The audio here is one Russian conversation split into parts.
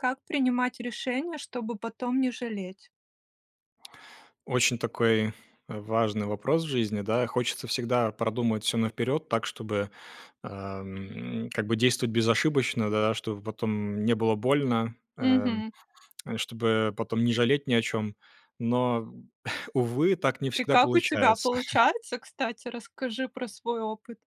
Как принимать решения, чтобы потом не жалеть? Очень такой важный вопрос в жизни, да. Хочется всегда продумать всё наперед так, чтобы, а, м, как бы действовать безошибочно, да, чтобы потом не было больно, э, Мгм. чтобы потом не жалеть ни о чём. Но, увы, так не И всегда как у тебя получается. получается, кстати? Расскажи про свой опыт.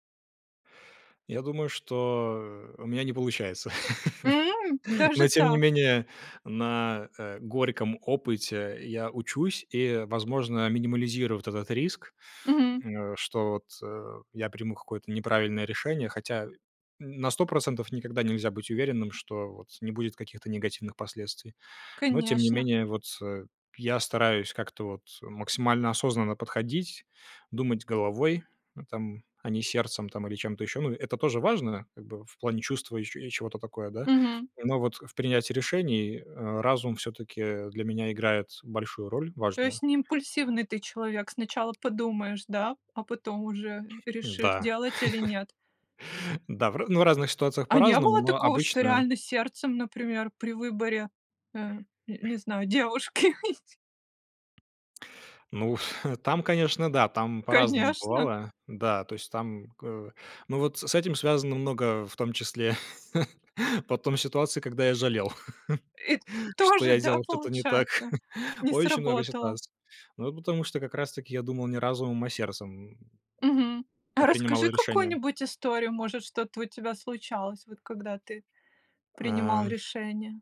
Я думаю, что, э, у меня не получается. М, даже Но, тем не так! менее, на, э, горьком опыте я учусь и, возможно, минимализирую вот этот риск, М. м, э, что вот я приму какое-то неправильное решение, хотя на 100 % никогда нельзя быть уверенным, что вот не будет каких-то негативных последствий. Но, тем не Конечно. менее, вот, э, я стараюсь как-то вот максимально осознанно подходить, думать головой там, а не сердцем там или чем-то еще. Ну, это тоже важно, как бы в плане чувства и че и чего-то такое, да. Мгм. Но вот в принятии решений, э, разум всё-таки для меня играет большую роль, То есть важную. не импульсивный ты человек? Сначала подумаешь, да, а потом уже решишь, Да. делать или нет. Да. Да, в ра ну, в разных ситуациях А не по-разному, было но такого, что обычно реально сердцем, например, при выборе, э, н не знаю, девушки? Ну, там, конечно, да. Там по-разному Конечно! бывало. Да, то есть там гэ Ну, вот с с этим связано много, в том числе, потом ситуаций, когда я жалел, И что тоже, я да, делал что-то не так. получается? Не Очень много сработало. ситуаций. Ну, потому что как раз таки я думал не разумом, а сердцем, Мгм. А м, принимал расскажи решения. какую-нибудь историю, может, что-то у тебя случалось, вот когда ты принимал Ам. решения.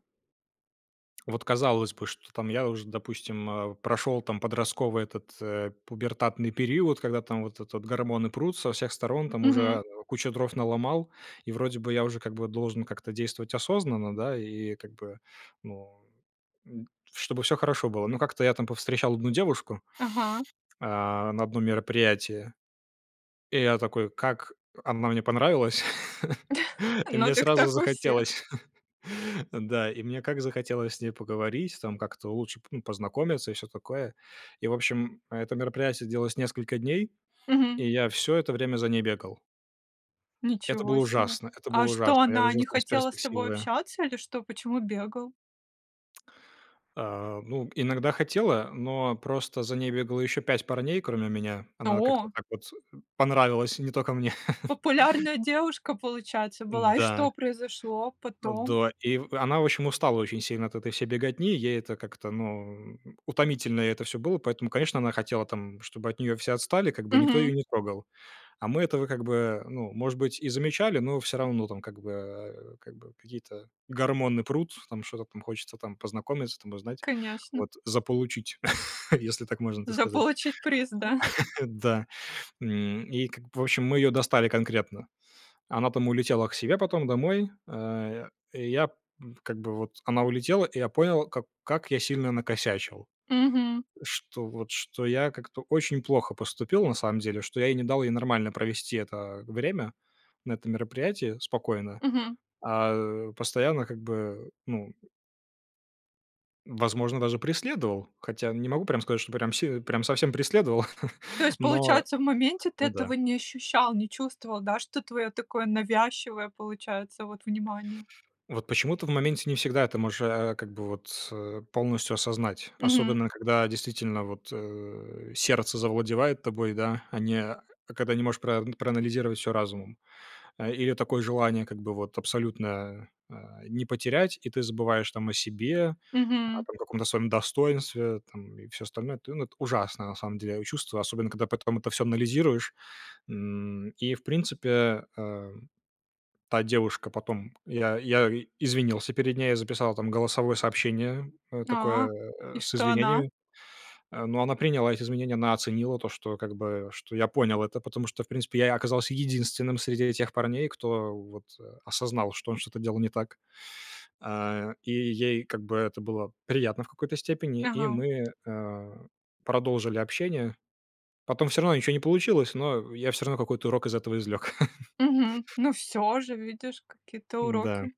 Вот казалось бы, что, там, я уже, допустим, э, прошел там подростковый этот, э, пубертатный период, когда, там, вот этот гормоны прут со всех сторон, там Мгм. уже кучу дров наломал, и вроде бы я уже как бы должен как-то действовать осознанно, да, и как бы, ну н чтобы всё хорошо было. Но как-то я там повстречал одну девушку, Ага. а, на одном мероприятии, и я такой как она мне понравилась, и Ну мне так сразу так у всех! захотелось, да, и мне как захотелось с ней поговорить, там, как-то лучше п ну познакомиться и всё такое. И, в общем, это мероприятие длилось несколько дней, Мгм. и я всё это время за ней бегал. Это было Ничего себе! ужасно. Это А было что, ужасно. Я она жил не там с хотела с тобой перспективою. общаться или что? Почему бегал? А, ну, иногда хотела, но просто за ней бегало еще 5 парней кроме меня. Она как-то О! так вот понравилась не только мне. Популярная девушка, получается, была. И Да. что произошло потом? Да. И в она, в общем, устала очень сильно от этой всей беготни. Ей это как-то, ну, утомительно ей это всё было. Поэтому конечно она хотела, там, чтобы от нее все отстали, как бы, никто Мгм. ее не трогал. А мы этого как бы, ну, может быть, и замечали, но всё равно, там, как бы, э, как бы какие-то гормоны прут, там, что-то там хочется, там, познакомиться, там узнать. Конечно. Вот. Заполучить, если так можно так сказать. Заполучить приз, да? Да. М, и как бы, в общем, мы ее достали конкретно. Она, там, улетела к себе потом домой. А я как бы вот она улетела, и я понял, как как я сильно накосячил. Мгм. Что вот, что я как-то очень плохо поступил, на самом деле, что я ей не дал ей нормально провести это время на этом мероприятии спокойно, Мгм. а постоянно как бы, ну возможно, даже преследовал. Хотя не могу прям сказать, что прям си прям совсем преследовал, То есть, но получается, в моменте ты ну этого да. не ощущал, не чувствовал, да, что твое такое навязчивое получается вот внимание? Вот почему-то в моменте не всегда это можешь, а, как бы вот, э, полностью осознать, Мгм. особенно когда действительно вот, э, сердце завладевает тобой, да, а не а когда не можешь прав проанализировать всё разумом. Э, или такое желание как бы вот абсолютно, а, не потерять, и ты забываешь, там, о себе, о Мгм. там каком-то своем достоинстве, там, и всё остальное. Ну эт ну это ужасно, на самом деле, а чувство, особенно когда потом это всё анализируешь н и, в принципе, а та девушка потом я я извинился перед ней, я записал там голосовое сообщение, э, А, такое, э, и с что она? извинениями, э, но она приняла эти извинения. Она оценила то, что как бы что я понял это, потому что, в принципе, я оказался единственным среди этих парней, кто вот а осознал, что он что-то делал не так а и ей как бы это было приятно в какой-то степени, и Ага. мы, а, продолжили общение. Потом всё равно ничего не получилось, но я всё равно какой-то урок из этого извлек. Мгм. Ну всё уже, видишь, какие-то Да. уроки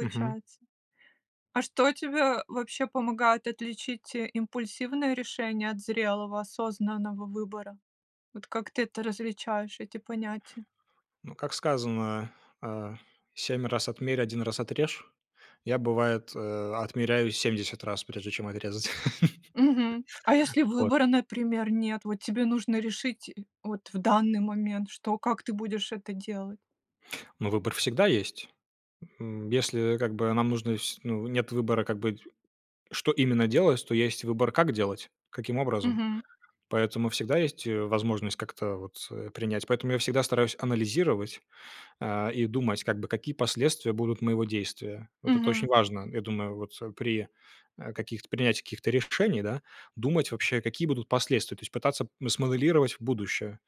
Мгм. А что тебе вообще помогает отличить импульсивные решения от зрелого осознанного выбора? Вот как ты это различаешь, эти понятия? Ну, как сказано, а: "Cемь раз отмерь, один раз отрежь". Я, бывает, э, отмеряю 70 раз, прежде чем отрезать. Мгм. А если Вот. выбора, например, нет, вот тебе нужно решить вот в данный момент, что, как ты будешь это делать? Ну, выбор всегда есть! М, если, как бы, нам нужно с ну нет выбора, как бы, что именно делать, то есть выбор, как делать, каким образом. Мгм. Поэтому всегда есть, э, возможность как-то вот, э, принять. Поэтому я всегда стараюсь анализировать, а, и думать, как бы, какие последствия будут моего действия. Вот это очень Мгм. важно, я думаю вот при, а, каких-то принятии каких-то решений, да, думать вообще, какие будут последствия. То есть, пытаться смоделировать будущее.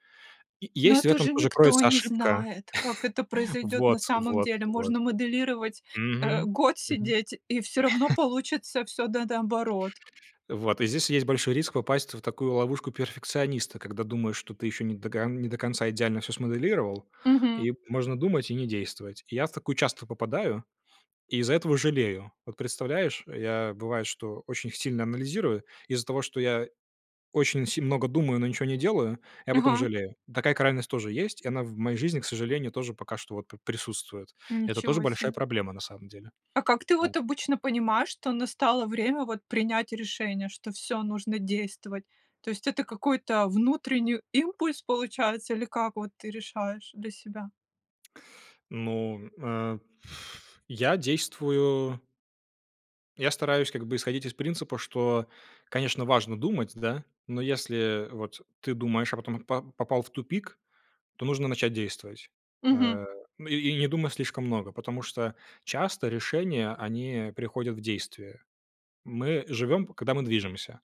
И Ну есть в это этом же тоже никто кроется не ошибка знает, как это произойдет на Вот, самом вот, деле. вот. Можно моделировать, э, Мгм! год Мгм. сидеть, и всё равно получится всё до наоборот. Вот и здесь есть большой риск попасть вот в такую ловушку перфекциониста, когда думаешь, что ты еще не дога не до конца идеально всё смоделировал, Мгм. и можно думать и не действовать. Я в такую часто попадаю и из-за этого жалею. Вот представляешь, я, бывает, что очень сильно анализирую, и из-за того, что я очень си много думаю, но ничего не делаю, я потом Ага. жалею. Такая крайность тоже есть, и она в моей жизни, к сожалению, тоже пока что вот п присутствует. Это тоже Ничего большая себе! проблема, на самом деле. А как ты Да. вот обычно понимаешь, что настало время вот принять решение, что всё нужно действовать? То есть, это какой-то внутренний импульс, получается, или как вот ты решаешь для себя? Ну, э, я действую я стараюсь как бы исходить из принципа, что, конечно, важно думать, да? Но если вот ты думаешь, а потом по попал в тупик, то нужно начать действовать. Мгм. Э, ну и и не думай слишком много. Потому что часто решения они, э, приходят в действие. Мы живем, когда мы движемся.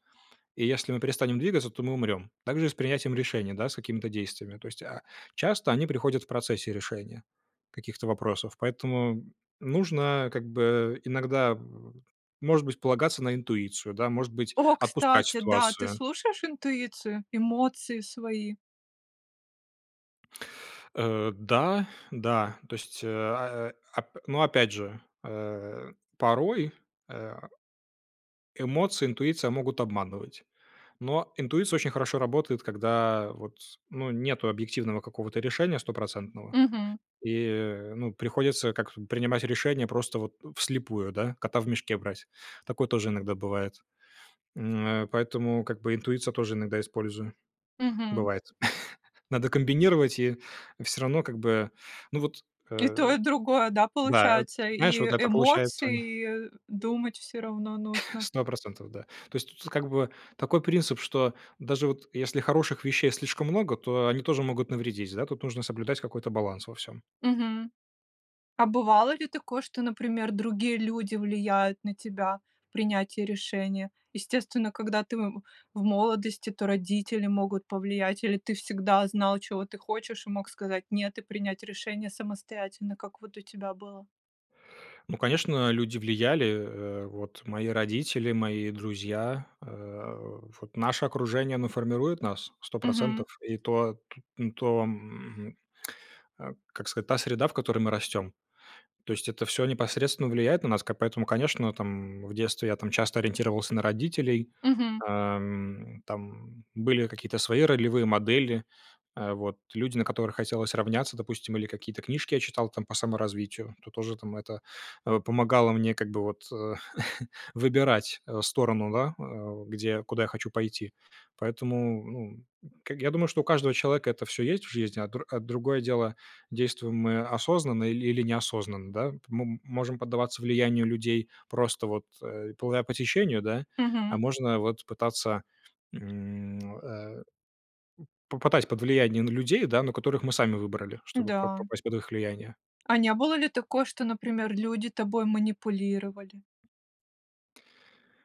И если мы перестанем двигаться, то мы умрем. Так же и с принятием решений, да, с какими-то действиями. То есть, а, часто они приходят в процессе решения каких-то вопросов. Поэтому нужно как бы иногда, может быть, полагаться на интуицию, да, может быть, О, отпускать кстати, да. Ты ситуацию. слушаешь интуицию, эмоции свои? Э, да, да. То есть, а, э, а. Ну, опять же, э, порой, э, эмоции, интуиция могут обманывать. Но интуиция очень хорошо работает, когда вот, ну, нету объективного какого-то решения стопроцентного. Мгм. И э, ну, приходится как принимать решения просто вот вслепую, да, кота в мешке брать. Такое тоже иногда бывает. М, а, поэтому как бы интуицию я тоже иногда использую. Мгм. Бывает. Надо комбинировать, и всё равно как бы ну вот, И то э и другое, да, Да, получается? знаешь, вот И это получается эмоции, и думать всё равно нужно. 100 %, да. То есть тут как бы такой принцип, что даже вот если хороших вещей слишком много, то они тоже могут навредить, да? Тут нужно соблюдать какой-то баланс во всём. Мгм. А бывало ли такое, что, например, другие люди влияют на тебя в принятии решения? Естественно, когда ты в в молодости, то родители могут повлиять, или ты всегда знал, чего ты хочешь, и мог сказать: "Нет,"- и принять решение самостоятельно. Как вот у тебя было? Ну, конечно, люди влияли. Э, вот мои родители, мои друзья. Э, вот наше окружение, оно формирует нас, сто Мгм. процентов, и то т и то, м, э- как сказать- та среда, в которой мы растем. То есть, это всё непосредственно влияет на нас как, поэтому, конечно, там, м, в детстве я, там, часто ориентировался на родителей, Мгм. ам. Там были какие-то свои ролевые модели, а, вот. Люди, на которых хотелось равняться, допустим, или какие-то книжки я читал, там, по саморазвитию. Это тоже, там, это, э, помогало мне как бы вот, э, выбирать, э, сторону, да, э, где я куда я хочу пойти. Поэтому, ну, к я думаю, что у каждого человека это всё есть в жизни, а др а другое дело, действуем мы осознанно или или неосознанно, да. М мы можем поддаваться влиянию людей просто вот, э, плывя по течению, да? А Мгм. можно вот пытаться, м, э, м, попадать под влияние, ну, людей, да, но которых мы сами выбрали, чтобы по по Да. попасть под их влияние. А не было ли такое, что, например, люди тобой манипулировали?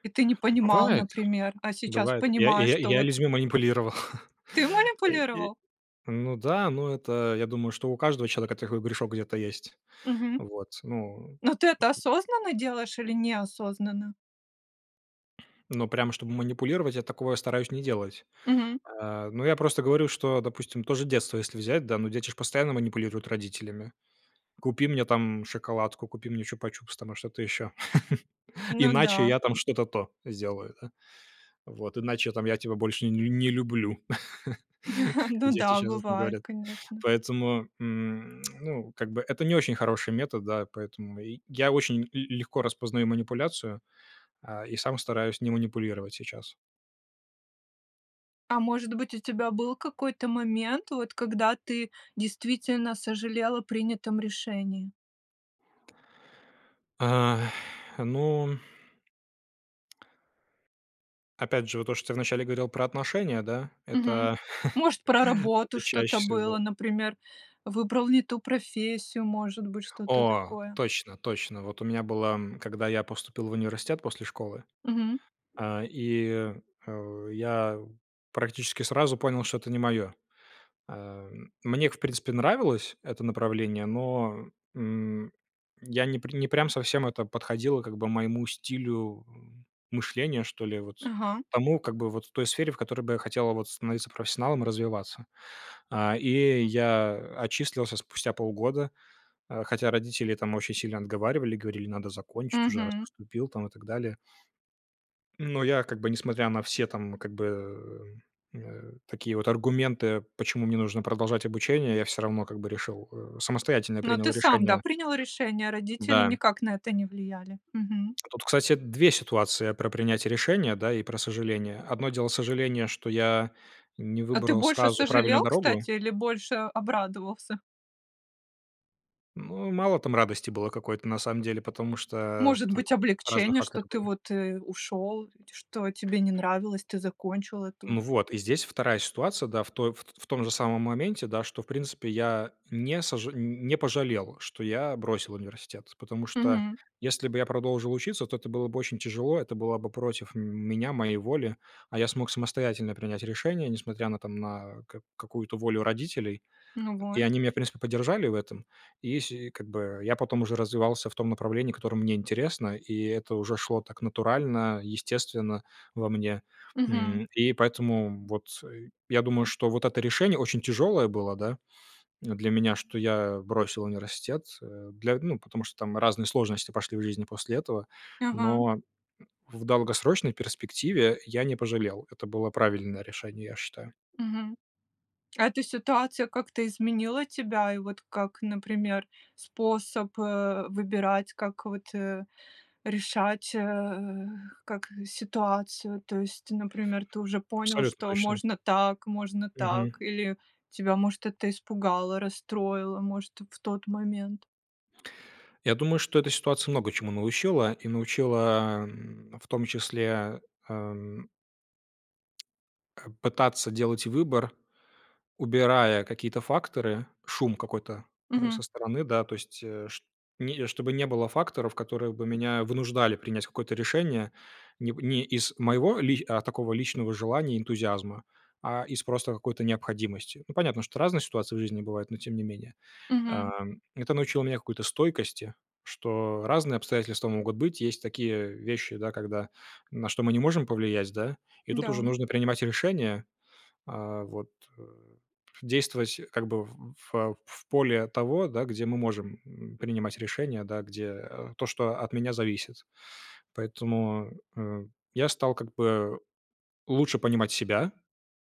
И ты не понимал, Бывает. например. А сейчас Бывает. Я, и понимаешь, я и что я вот людьми манипулировал. Ты Окей. манипулировал? Ну да. Ну, это я думаю, что у каждого человека такой грешок где-то есть. Мгм. Вот, ну Но ты это осознанно делаешь или неосознанно? Ну, прям чтобы манипулировать, я такого стараюсь не делать. Мгм. Э, ну, я просто говорю, что, допустим, то же детство если взять, да, ну, дети ж постоянно манипулируют родителями: купи мне, там, шоколадку, купи мне чупа-чупс, там, что-то ещё. Ну Иначе да. я, там, что-то то сделаю, да? Вот. Иначе, там, я тебя больше нель не люблю, как Ну дети да, часто бывает, говорят. конечно. Поэтому, м, ну, как бы, это не очень хороший метод, да, и поэтому и я очень л легко распознаю манипуляцию, э, и сам стараюсь не манипулировать сейчас. А может быть, у тебя был какой-то момент, вот, когда ты действительно сожалел о принятом решении? А, ну. Опять же, вот то, что ты вначале говорил про отношения, да, Мгм. это Может, про работу это чаще что-то всего было, был например, выбрал не ту профессию, может быть, что-то О! такое. Точно точно. Вот у меня было, м, когда я поступил в университет после школы, Мгм. а, и, э, я практически сразу понял, что это не моё. Эм, мне к в принципе, нравилось это направление, но, м, я не пр не прям совсем это подходило, как бы, моему стилю, м, мышления, что ли, вот, Ага. тому, как бы, вот той сфере, в которой бы я хотел, а, вот становиться профессионалом, развиваться. А, и я, э, отчислился спустя полгода, а, хотя родители, там, очень сильно отговаривали, говорили: "Надо закончить уже, раз Мгм. поступил", там, и так далее. Но я, как бы, несмотря на все, там, как бы, м, э, такие вот аргументы, почему мне нужно продолжать обучение, я всё равно, как бы, решил, э, самостоятельно Но принял ты сам, да, решение. принял решение, родители Да. никак на это не влияли. Мгм. Тут, кстати, 2 ситуации: про принятие решения, да, и про сожаление. 1 дело- сожаление, что я не А ты выбрал больше сразу правильную сожалел, дорогу кстати, или больше обрадовался? Ну, мало там радости было какой-то, на самом деле, потому что, Может там быть разные облегчение, что факторы ты были. вот, э, ушел, ть что тебе не нравилось, ты закончил эту Ну, вот. И здесь вторая ситуация, да, в той ф т ф т в том же самом моменте, да, что, в принципе, я не сожа н не пожалел, что я бросил университет, потому что Мгм. если бы я продолжил учиться, то это было бы очень тяжело, это была бы против меня, моей воли, а я смог самостоятельно принять решение, несмотря на там на к какую-то волю родителей. Ну И вот. они меня, в принципе, поддержали в этом, и, сь и как бы, я потом уже развивался в том направлении, которое мне интересно, и это уже шло так натурально, естественно во мне, Мгм. м. И поэтому вот, э, я думаю, что вот это решение очень тяжелое было, да, для меня, что я бросил университет, э, для, ну потому что там разные сложности пошли в жизни после этого, Ага. но в долгосрочной перспективе я не пожалел. Это было правильное решение, я считаю. Мгм. А эта ситуация как-то изменила тебя, и вот как, например, способ, э, выбирать, как вот, э, решать, э, как ситуацию, то есть, например, ты уже понял, Абсолютно что точно. можно так, можно Мгм. так, или тебя, может, это испугало, расстроило, может, в тот момент. Я думаю, что эта ситуация много чему научила, и научила, м, в том числе, эм пытаться делать выбор, убирая какие-то факторы, шум какой-то, э, со Мгм. стороны, да. То есть, э, чт не чтобы не было факторов, которые бы меня вынуждали принять какое-то решение не не из моего ли э, такого личного желания и энтузиазма, а из просто какой-то необходимости. Ну, понятно, что разные ситуации в жизни бывают, но, тем не менее, Мгм. ам, это научило меня какой-то стойкости, что разные обстоятельства могут быть. Есть такие вещи, да, когда на что мы не можем повлиять, да. И тут уже Да. нужно принимать решение, а, вот, э, действовать как бы в в в поле от того, да, где мы можем, м, принимать решения, да, где то, что от меня зависит. Поэтому, э, я стал как бы лучше понимать себя,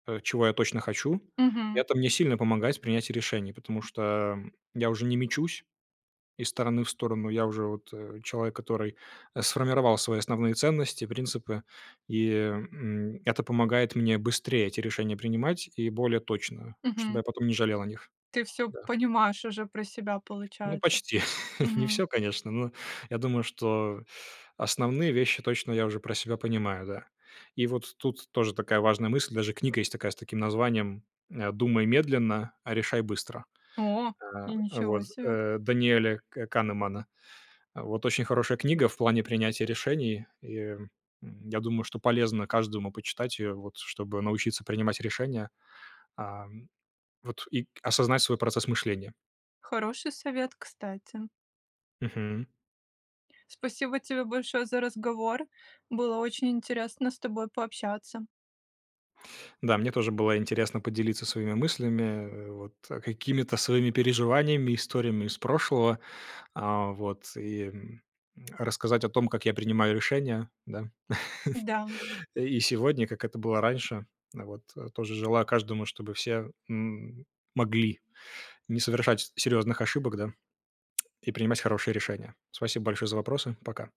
э, чего я точно хочу. Мгм. Это мне сильно помогает в принятии решений, потому что я уже не мечусь из стороны в сторону. Я уже вот, э, человек, который сформировал свои основные ценности, принципы, и, м, это помогает мне быстрее эти решения принимать и более точно, чтобы Мгм. я потом не жалел о них. Ты всё Да. понимаешь уже про себя, Ну, получается. почти. Не Мгм. всё, конечно, но я думаю, что основные вещи точно я уже про себя понимаю, да. И вот тут тоже такая важная мысль. Даже книга есть такая с таким названием, э, "Думай медленно, решай быстро". О, и А, ничего вот, себе! э, Даниэля К Канемана. Вот. Очень хорошая книга в плане принятия решений. И я думаю, что полезно каждому почитать ее, вот чтобы научиться принимать решения, а, вот, и осознать свой процесс мышления. Хороший совет, кстати! Мгм. Спасибо тебе большое за разговор! Было очень интересно с тобой пообщаться. Да, мне тоже было интересно поделиться своими мыслями, вот, какими-то своими переживаниями, историями из прошлого, а, вот, и рассказать о том, как я принимаю решения, да, Да. и сегодня, как это было раньше, вот. Тоже желаю каждому, чтобы все, м, могли не совершать с серьезных ошибок, да, и принимать хорошие решения. Спасибо большое за вопросы. Пока.